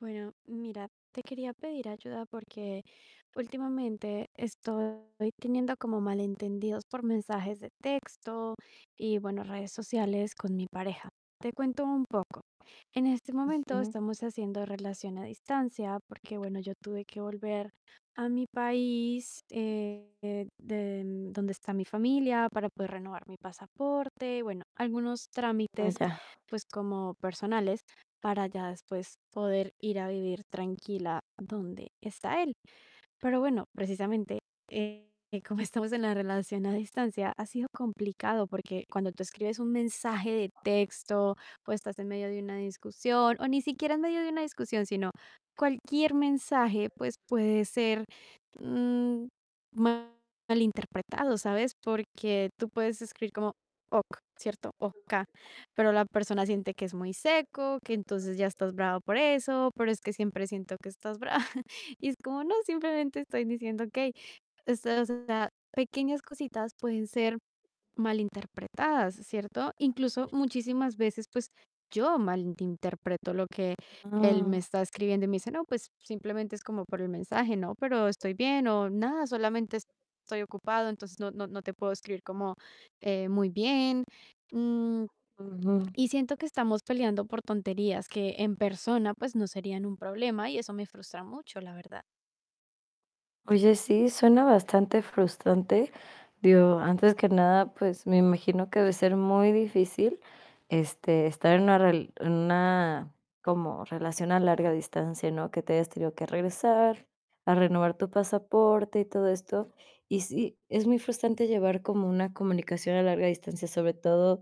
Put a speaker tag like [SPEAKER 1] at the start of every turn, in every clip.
[SPEAKER 1] Bueno, mira, te quería pedir ayuda porque últimamente estoy teniendo como malentendidos por mensajes de texto y bueno, redes sociales con mi pareja. Te cuento un poco. En este momento
[SPEAKER 2] Ujú.
[SPEAKER 1] estamos haciendo relación a distancia porque, bueno, yo tuve que volver a mi país, eh, de donde está mi familia para poder renovar mi pasaporte. Bueno, algunos
[SPEAKER 2] Ah
[SPEAKER 1] trámites,
[SPEAKER 2] ya.
[SPEAKER 1] pues, como personales, para ya después poder ir a vivir tranquila donde está él. Pero bueno, precisamente, eh, como estamos en la relación a distancia, ha sido complicado, porque cuando tú escribes un mensaje de texto, pues estás en medio de una discusión o ni siquiera en medio de una discusión, sino cualquier mensaje, pues, puede ser, mm, malinterpretado, ¿sabes? Porque tú puedes escribir como: "Ok", ¿cierto? O-K, pero la persona siente que es muy seco, que entonces ya estás brava por eso. Pero es que siempre siento que estás brava y es como: "No, simplemente estoy diciendo okey". Estas, o sea, pequeñas cositas pueden ser malinterpretadas, ¿cierto? Incluso muchísimas veces, pues yo malinterpreto lo que él me
[SPEAKER 2] Ah.
[SPEAKER 1] está escribiendo y me dice: "No, pues simplemente es como por el mensaje, ¿no?, pero estoy bien", o "Nada, solamente estoy ocupado, entonces no no no te puedo escribir como, eh, muy bien". Mm,
[SPEAKER 2] Ujú.
[SPEAKER 1] y siento que estamos peleando por tonterías que en persona, pues no serían un problema y eso me frustra mucho, la verdad.
[SPEAKER 2] Oye, sí, suena bastante frustrante. Digo, antes que nada, pues, me imagino que debe ser muy difícil, este, estar en una rel en una como relación a larga distancia, ¿no? Que te hayas tenido que regresar a renovar tu pasaporte y todo esto. Y sí, es muy frustrante llevar como una comunicación a larga distancia, sobre todo,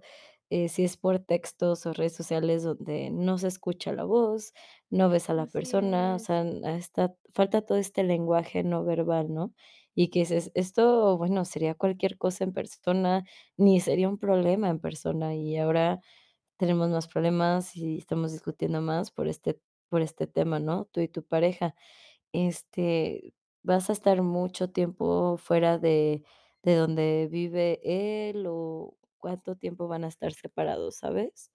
[SPEAKER 2] eh, si es por textos o redes sociales donde no se escucha la voz, no ves a la
[SPEAKER 1] Así
[SPEAKER 2] persona. O
[SPEAKER 1] es.
[SPEAKER 2] sea, a esta falta todo este lenguaje no verbal, ¿no? Y que dices: "Esto, bueno, sería cualquier cosa en persona, ni sería un problema en persona. Y ahora tenemos más problemas y estamos discutiendo más por este por este tema", ¿no? Tú y tu pareja. Este, ¿vas a estar mucho tiempo fuera de de donde vive él o cuánto tiempo van a estar separados, sabes?